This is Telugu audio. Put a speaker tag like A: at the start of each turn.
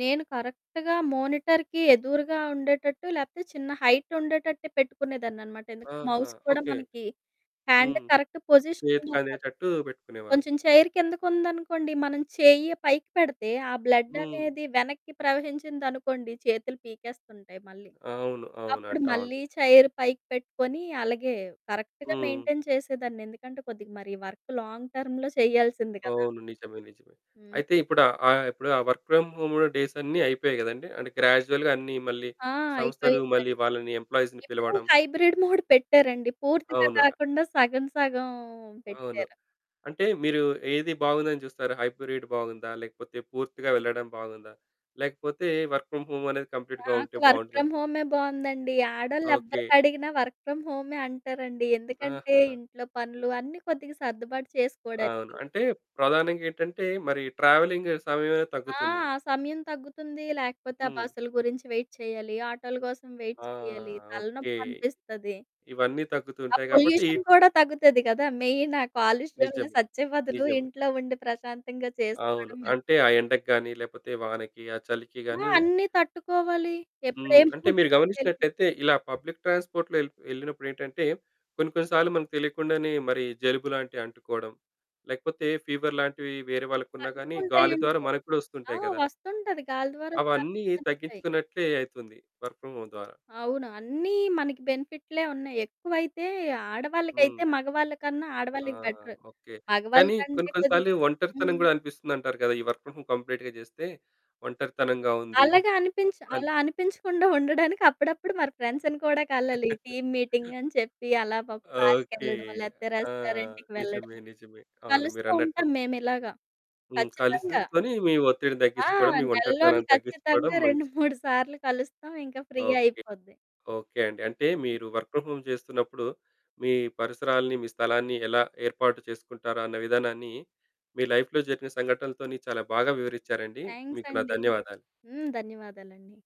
A: నేను కరెక్ట్‌గా మానిటర్‌కి ఎదురుగా ఉండేటట్టు లేకపోతే చిన్న హైట్ ఉండేటట్టే పెట్టుకునేదాన్నన్నమాట. ఎందుకంటే,
B: ఆహా!
A: మౌస్ కూడా
B: ఓకె.
A: మనకి హ్యాండ్
B: హ్మ్.
A: కరెక్ట్ పొజిషన్
B: చేతికి
A: ఉండాలి కదా!
B: అందేటట్టు పెట్టుకునేవారు.
A: కొంచెం చైర్ కిందకు ఉందనుకోండి, మనం చెయ్య పైకి పెడితే ఆ బ్లడ్
B: హ్మ్.
A: అనేది వెనక్కి ప్రవహించింది అనుకోండి, చేతులు పీకేస్తుంటాయి మళ్ళీ.
B: అవును.
A: అప్పుడు
B: అవునండి. అవును.
A: మళ్ళీ చైర్ పైకి పెట్టుకొని అలాగే కరెక్ట్‌గా
B: హ్మ్.
A: మెయింటైన్ చేసేదాన్ని ఎందుకంటే, కొద్దిగా మరి వర్క్ లాంగ్ టర్మ్‌లో చేయాల్సింది గదా!
B: అవును. నిజమే. నిజమే.
A: హ్మ్.
B: అయితే ఇప్పుడు ఆహ్, ఇప్పుడు ఆ వర్క్ ఫ్రమ్ హోమ్‌ డేస్ అన్నీ అయిపోయాయి కదండీ! అంటే గ్రాడ్యుయల్‌గా అన్నీ మళ్ళీ
A: ఆ!
B: సంస్థలు, మళ్ళీ
A: అయిపోయిందండి.
B: వాళ్ళని ఎంప్లాయీస్‌ని
A: ఇప్పుడు
B: పిలవడం.
A: హైబ్రిడ్ మోడ్ పెట్టారండి, పూర్తిగా
B: అవును. ఆహా!
A: కాకుండా సగం, సగం
B: అవును.
A: పెట్టారు.
B: అంటే, మీరు ఏది బాగుందని చూస్తారు. హైబ్రిడ్ బాగుందా? లేకపోతే పూర్తిగా వెళ్ళడం బాగుందా? లేకపోతే వర్క్ ఫ్రమ్ హోమ్ అనేది కంప్లీట్‌గా ఉంటే
A: నాకు వర్క్ ఫ్రమ్
B: బాగుంటుందా?
A: హోమే బావుందండి. ఆడోళ్ళు
B: ఓకె.
A: ఎవరికి అడిగినా వర్క్ ఫ్రమ్ హోమే అంటారండి. ఎందుకంటే,
B: ఆహా!
A: ఇంట్లో పనులు అన్నీ కొద్దిగా సర్దుబాటు
B: అవును.
A: చేసుకోవడానికి.
B: అంటే ప్రధానంగా ఏంటంటే, మరి ట్రావెలింగ్ సమయం అనేది
A: ఆ!
B: తగ్గుతుంది.
A: సమయం తగ్గుతుంది. లేకపోతే ఆ
B: హ్మ్.
A: బస్సుల గురించి వెయిట్ చేయాలి, ఆటోల కోసం వెయిట్
B: ఆ!
A: చేయాలి
B: ఓకె.
A: తలనొప్పి అనిపిస్తది.
B: ఇవన్నీ
A: ఆ
B: తగ్గుతూంటాయి కాబట్టి
A: పొల్యూషన్ కూడా తగ్గుతది కదా! మెయిన్ ఆ కాలుష్యంలో
B: నిజమే,
A: సచ్చే బదులు,
B: నిజమే.
A: ఇంట్లో ఉండి ప్రశాంతంగా
B: అవును.
A: చేసుకోవడం మేలు.
B: అంటే ఆ ఎండకి గాని, లేకపోతే వానకి, ఆ చలికి
A: ఆ!
B: గాని
A: అన్నీ తట్టుకోవాలి ఎప్పుడు
B: హ్మ్,
A: ఏం
B: అంటే మీరు
A: పోతుందో తెలిదు.
B: గమనించినట్లైతే ఇలా పబ్లిక్ ట్రాన్స్పోర్ట్‌లో ఎల్ ఎళ్ళినప్పుడేంటంటే, కొన్ని, కొన్ని సార్లు మనకు తెలియకుండానే మరి జలుబు లాంటివి అంటుకోవడం, లేకపోతే ఫీవర్ లాంటివి వేరే వాళ్ళకున్నా గాని, గాలి
A: తట్టుకుంటాయండి,
B: ద్వారా మనకు కూడా
A: ఆ!
B: వొస్తుంటాయి కదా!
A: వస్తుంటది గాలి ద్వారా
B: అవన్నీ
A: వ్యాప్తిచెందుతాయి.
B: తగ్గించుకున్నట్లే అయితుంది. వర్క్ ఫ్రమ్ హోమ్ ద్వారా.
A: అవును అన్నీ మనకు బెనిఫిట్లే ఉన్నాయి. ఎక్కువైతే ఆడవాళ్ళకైతే,
B: హ్మ్.
A: మగవాళ్ళకన్నా,
B: ఆ!
A: ఆడవాళ్ళకి బెటరు.
B: ఓకె,
A: మగవాళ్ళ
B: కానీ
A: కంటే
B: కొన్ని, కొన్ని
A: కొద్దిగ
B: సార్లు ఒంటరితనం
A: హ్మ్.
B: కూడా అనిపిస్తుందంటారు కదా! ఈ వర్క్ ఫ్రమ్ హోమ్ కంప్లీట్‌గా చేస్తే, ఒంటరితనంగా ఉంది.
A: అలాగా అనిపించి
B: అన్
A: అలా అనిపించకుండా ఉండడానికి అప్పుడప్పుడు మన ఫ్రెండ్స్‌ని కూడా కలలి. టీమ్ మీటింగ్ అని చెప్పి, అలా పా
B: ఓకె.
A: పార్క్‌కెళ్ళడం, లేకపోతే
B: ఆ!
A: రెస్టారెంట్‌కి
B: నిజమే.
A: వెళ్లడమో,
B: నిజమే. అవును మీరన్నట్టు.
A: కలుస్తూంటాం మేము ఇలాగా
B: హ్మ్,
A: ఖచ్చితంగా.
B: కలిసికొని మీ ఒత్తిడిని
A: ఆ!
B: తగ్గించుకోవడం, మీ
A: నెలలోని
B: ఒంటరితనాన్ని తగ్గించుకోవడం
A: ఖచ్చితంగా
B: మంచిది.
A: 2, 3 సార్లు కలుస్తాం. ఇంక ఫ్రీ
B: ఓకె.
A: అయిపోద్ది.
B: ఓకె అండి. అంటే మీరు వర్క్ ఫ్రమ్ హోమ్ చేస్తున్నప్పుడు మీ పరిసరాల్ని, మీ స్థలాన్ని ఎలా ఏర్పాటు చేసుకుంటరు అన్న విధానాన్ని, మీ లైఫ్‌లో జరిగిన సంఘటనలతోని చాలా బాగా వివరించారండి.
A: థ్యాంక్స్
B: మీకు నా
A: అండి.
B: ధన్యవాదాలు.
A: హ్మ్, ధన్యవాదాలండి.